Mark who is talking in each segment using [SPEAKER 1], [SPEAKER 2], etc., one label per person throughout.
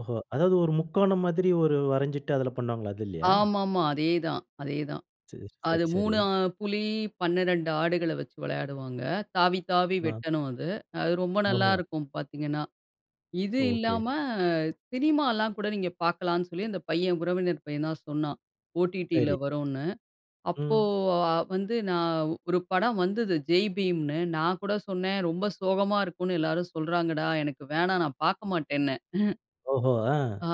[SPEAKER 1] ஓஹோ! அதாவது ஒரு
[SPEAKER 2] ம்.
[SPEAKER 1] முக்கோணம் மாதிரி ஒரு வரஞ்சிட்டு அதில பண்ணுவாங்களா! அது இல்லயா?
[SPEAKER 2] ஆமா, ஆமா. அதே தான், அதே தான்.
[SPEAKER 1] சரி,
[SPEAKER 2] அது
[SPEAKER 1] சரி, சரி.
[SPEAKER 2] 3 அ புலி 12 ஆடுகள வச்சு விளையாடுவாங்க. தாவி, தாவி
[SPEAKER 1] ஆ.
[SPEAKER 2] வெட்டணும் அது. அது ரொம்ப
[SPEAKER 1] ஓஹோ!
[SPEAKER 2] நல்லாயிருக்கும் பார்த்தீங்கன்னா! இது
[SPEAKER 1] ஓகே.
[SPEAKER 2] இல்லாம சினிமாலாம் கூட நீங்க பார்க்கலாம்ன்னு சொல்லி அந்த பையன் உறவினர் பையன் தான் சொன்னான். OTTல
[SPEAKER 1] சரி.
[SPEAKER 2] வருன்னு. அப்போ
[SPEAKER 1] ம்.
[SPEAKER 2] அ வந்து நான் ஒரு படம் வந்தது "ஜெய்பீம்" ன்னு நான் கூட சொன்னேன். ரொம்ப சோகமா இருக்குன்னு எல்லாரும் சொல்றாங்கடா! எனக்கு வேணாம் நான் பார்க்க மாட்டேன்னே!
[SPEAKER 1] ஓஹோ! ஆ.
[SPEAKER 2] ஆ.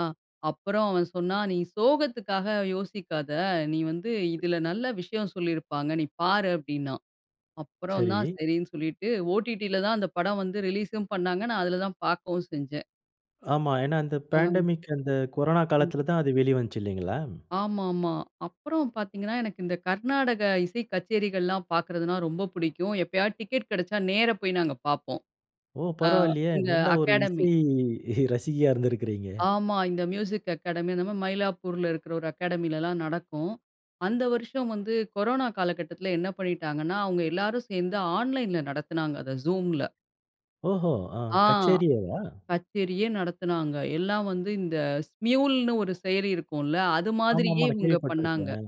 [SPEAKER 2] அப்புறம் அவன் சொன்னான் "நீ சோகத்துக்காக யோசிக்காத! நீ வந்து இதில நல்ல விஷயம் சொல்லியிருப்பாங்க, நீ பாரு" அப்பிடின்னான். அப்புறம் தான்
[SPEAKER 1] சரி.
[SPEAKER 2] சரின்னு சொல்லிட்டு OTTல தான் அந்த படம் வந்து ரிலீஸ்ம் பண்ணாங்க. நான் அதில தான் பார்க்கவும் செஞ்சேன்.
[SPEAKER 1] ஆமா. ஏன்னா, அந்த
[SPEAKER 2] அ.
[SPEAKER 1] பேண்டமிக் அந்த கொரோனா
[SPEAKER 2] ம்.
[SPEAKER 1] காலத்தில தான் அது வெளிவந்துச்சு இல்லேங்களா.
[SPEAKER 2] ஆமா, ஆமா. அப்புறம் பார்த்தீங்கன்னா, எனக்கு இந்த கர்நாடக இசை கச்சேரிகள்லாம் பார்க்கிறதுனா ரொம்ப புடிக்கும். எப்பயாவது டிக்கெட் கிடைச்சா நேர போய் நாங்க பார்ப்போம்.
[SPEAKER 1] ஓ!
[SPEAKER 2] ஆ
[SPEAKER 1] பரவாயில்லயே!
[SPEAKER 2] இந்த
[SPEAKER 1] நல்ல ஒரு
[SPEAKER 2] அகாடமி.
[SPEAKER 1] இசை ரசிகையா இருந்திருக்கிறீங்க.
[SPEAKER 2] ஆமா. இந்த மியூசிக் அகாடமி அந்த [unintelligible] மயிலாப்பூர்ல இருக்கிற ஒரு அகாடமிலலாம் நடக்கும். அந்த வருஷம் வந்து கொரோனா காலகட்டத்தில என்ன பண்ணிட்டாங்கன்னா, அவுங்க எல்லாரும் சேர்ந்து ஆன்லைன்ல நடத்தினாங்க அத Zoomல.
[SPEAKER 1] ஓஹோ! அ
[SPEAKER 2] ஆ
[SPEAKER 1] கச்சேரியேவா?
[SPEAKER 2] கச்சேரியே நடத்துனாங்க. எல்லாம் வந்து இந்த Smuleன்னு ஒரு செயலி இருக்கும்ல. அது
[SPEAKER 1] ஆமா,
[SPEAKER 2] மாதிரியே
[SPEAKER 1] ஆமா. நான்
[SPEAKER 2] இவுங்க பண்ணாங்க.
[SPEAKER 1] கேள்விப்பட்டிருக்கிறேன்.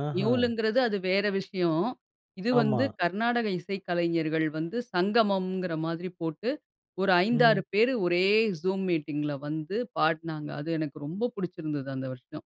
[SPEAKER 1] அ ஆஹா!
[SPEAKER 2] நியூல்ங்கிறது அது வேறு விஷயம். இது வந்து
[SPEAKER 1] ஆமா.
[SPEAKER 2] கர்நாடக இசைக்கலைஞர்கள் வந்து சங்கமம்ங்கிற மாதிரி போட்டு, ஒரு 5, 6
[SPEAKER 1] ம்.
[SPEAKER 2] பேர் ஒரே Zoom மீட்டிங்ல வந்து படுனாங்க. அது எனக்கு ரொம்ப புடிச்சிருந்தது அந்த வருஷம்.